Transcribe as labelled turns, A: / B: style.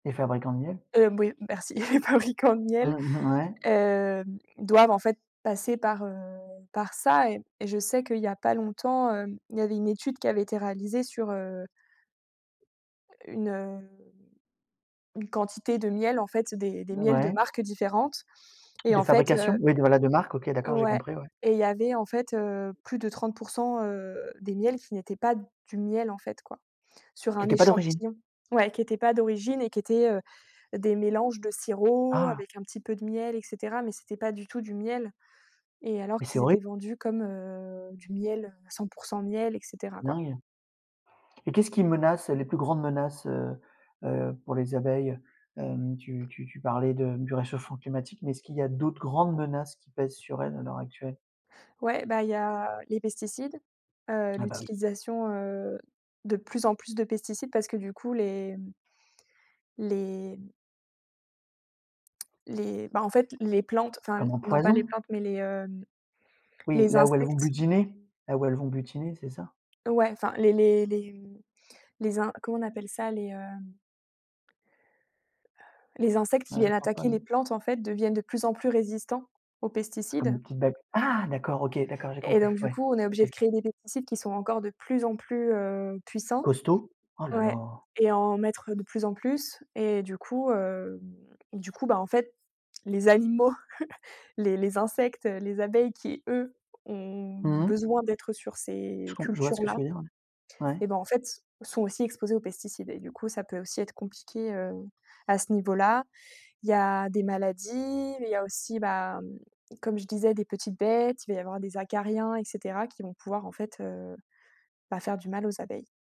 A: Les fabricants de miel?
B: Hem, oui, merci, les fabricants de miel,
A: Mmh mh, ouais.
B: heu, doivent, en fait, passer par, heu, par ça et et je sais qu'il y a pas longtemps, hem, il y avait une étude qui avait été réalisée sur, heu, une, heu, une quantité de miel, en fait, des des miels de
A: Ouais.
B: marques différentes et
A: De
B: en fait,
A: fabrication?
B: heu
A: Oui, voilà, de marque, OK, d'accord, j'ai
B: ouais
A: compris, ouais.
B: et il y avait, en fait, heu, plus de 30 %, heu, des miels qui n'étaient pas du miel, en fait, quoi, sur
A: Qui
B: un
A: étaient pas d'origine?
B: échantillon. Ouais, qui était pas d'origine et qui étaient, heu, des mélanges de sirop
A: Ah!
B: avec un petit peu de miel et cetera mais c'était pas du tout du miel et alors
A: Mais c'est
B: qu'ils
A: horri!
B: étaient vendus comme, heu, du miel, heu, 100 % miel et cetera, quoi.
A: Dingue! Et qu'est-ce qui menace les plus grandes menaces, heu heu, pour les abeilles? Hem, tu tu tu parlais de du réchauffement climatique mais est-ce qu'il y a d'autres grandes menaces qui pèsent sur elles à l'heure actuelle?
B: Ouais, bah, il y a les pesticides, heu,
A: Ah, bah, oui.
B: l'utilisation, heu, de plus en plus de pesticides parce que, du coup, les les les, bah, en fait, les plantes, enfin,
A: Comme un
B: non pas les
A: poison?
B: plantes mais les, heu,
A: Oui,
B: les
A: là où elles vont
B: insectes
A: butiner? Là où elles vont butiner, c'est ça?
B: Ouais, enfin les les les, mmh, les in comment on appelle ça? Les, heu les insectes qui
A: Ah, je
B: viennent
A: vois pas,
B: attaquer les
A: non.
B: plantes, en fait, deviennent de plus en plus résistants aux
A: Ah comme
B: pesticides.
A: une petite bête. Ah! D'accord, OK, d'accord, j'ai
B: Et
A: compris.
B: donc du
A: Ouais,
B: coup, on est obligé de
A: OK.
B: créer des pesticides qui sont encore de plus en plus, heu, puissants
A: Costauds? Oh là
B: ouais
A: là!
B: et en mettre de plus en plus et du coup, hem, du coup, bah, en fait, les animaux, les les insectes, heu, les abeilles qui, eux, ont
A: Mmh mh.
B: besoin d'être sur
A: Je
B: ces
A: com je vois ce que tu
B: cultures-là,
A: veux dire, ouais.
B: eh
A: Ouais.
B: ben, en fait, sont aussi exposés aux pesticides et du coup, ça peut aussi être compliqué, heu, à ce niveau-là. Il y a des maladies, il y a aussi, ben, comme je disais des petites bêtes, il va y avoir des acariens et cetera qui vont pouvoir, en fait, heu, bah, faire du mal aux abeilles.